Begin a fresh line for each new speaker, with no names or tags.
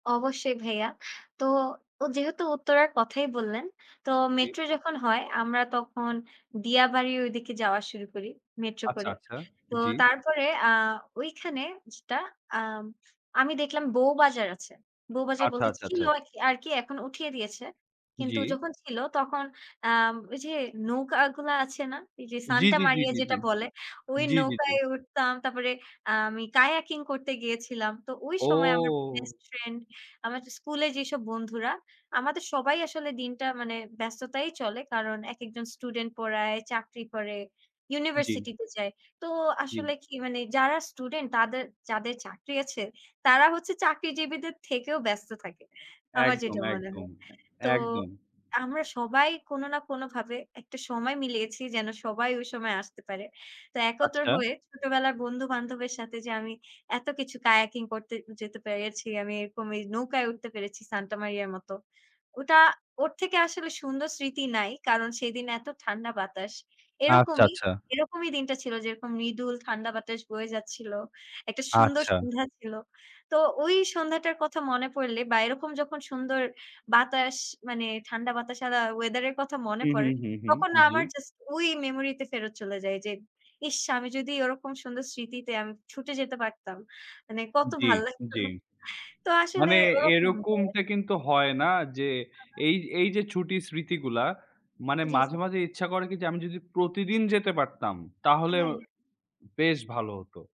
অবশ্যই ভাইয়া। তো ও যেহেতু উত্তরার কথাই বললেন। তো
জী।
মেট্রো যখন হয় আমরা তখন দিয়াবাড়ির ঐদিকে যাওয়া শুরু করি মেট্রো
আচ্ছা,
করে।
আচ্ছা
তো
জি।
তারপরে আ ঐখানে যেটা আম আমি দেখলাম বউবাজার আছে। বউ বাজার
আচ্ছা,
বলতে
আচ্ছা, আচ্ছা।
ছিল একি আরকি এখন উঠিয়ে দিয়েছে। কিন্তু
জ্বি।
যখন ছিল তখন আম ওই যে নৌকাগুলা আছে না? যে
জি,
সান্টা
জি, জি,
মারিয়া
জি, জি,
যেটা বলে, ওই
জি, জি, জি।
নৌকায় উঠতাম। তারপরে আমি কায়াকিং করতে গিয়েছিলাম। তো ওই সময় আমার
ও!
বেস্টফ্রেন্ড আমাদের স্কুলের যেসব বন্ধুরা, আমাদের সবাই আসলে দিনটা মানে ব্যস্ততায় চলে। কারণ একেকজন স্টুডেন্ট পড়ায়, চাকরি করে,
জ্বি।
ইউনিভার্সিটি তে যায়। তো
জ্বি।
আসলে কি মানে যারা স্টুডেন্ট তাদের যাদের চাকরি আছে, তারা হচ্ছে চাকরিজীবীদের থেকেও ব্যস্ত থাকে, আমার
একদম,
যেটা মনে
একদম
হয়।
এ
তো
একদম।
আমরা সবাই কোন না কোন ভাবে একটা সময় মিলিয়েছি যেন সবাই ওই সময় আসতে পারে। তো একত্র
আচ্ছা।
হয়ে ছোটবেলার বন্ধু-বান্ধবের সাথে যে আমি এত কিছু কায়াকিং করতে যেতে পেরেছি, আমি এরকম এই নৌকায় উঠতে পেরেছি সান্টা মারিয়ার মত, ওটা ওর থেকে আসলে সুন্দর স্মৃতি নাই। কারণ সেদিন এত ঠান্ডা বাতাস।
আচ্ছা,
এরকমই,
আচ্ছা।
এরকমই দিনটা ছিল যেরকম মৃদুল ঠান্ডা বাতাস বয়ে যাচ্ছিল, একটা সুন্দর
আচ্ছা।
সন্ধ্যা ছিল। তো ওই সন্ধ্যাটার কথা মনে পড়লে বা এরকম যখন সুন্দর বাতাস মানে ঠান্ডা বাতাস আলা ওয়েদার এর কথা মনে
হু, হু,
পড়ে,
হু, হু,
তখন
জ্বী।
আমার জাস্ট ওই মেমোরি তে ফেরত চলে যাই। যে ইস! আমি যদি ওরকম সুন্দর স্মৃতিতে আমি ছুটে যেতে পারতাম। মানে কত
জ্বী,
ভাল লাগতো।
জ্বী।
তো আসলে
মানে
ওরকম [unintelligible]
এইরকমটা কিন্তু হয় না যে
হা, হা।
এই, এই যে ছুটির স্মৃতিগুলা মানে
জী,
মাঝে,
জী।
মাঝে ইচ্ছা করে কি যে আমি যদি প্রতিদিন যেতে পারতাম,
হ্যাঁ,
তাহলেও
হ্যাঁ।
বেশ ভালো হতো।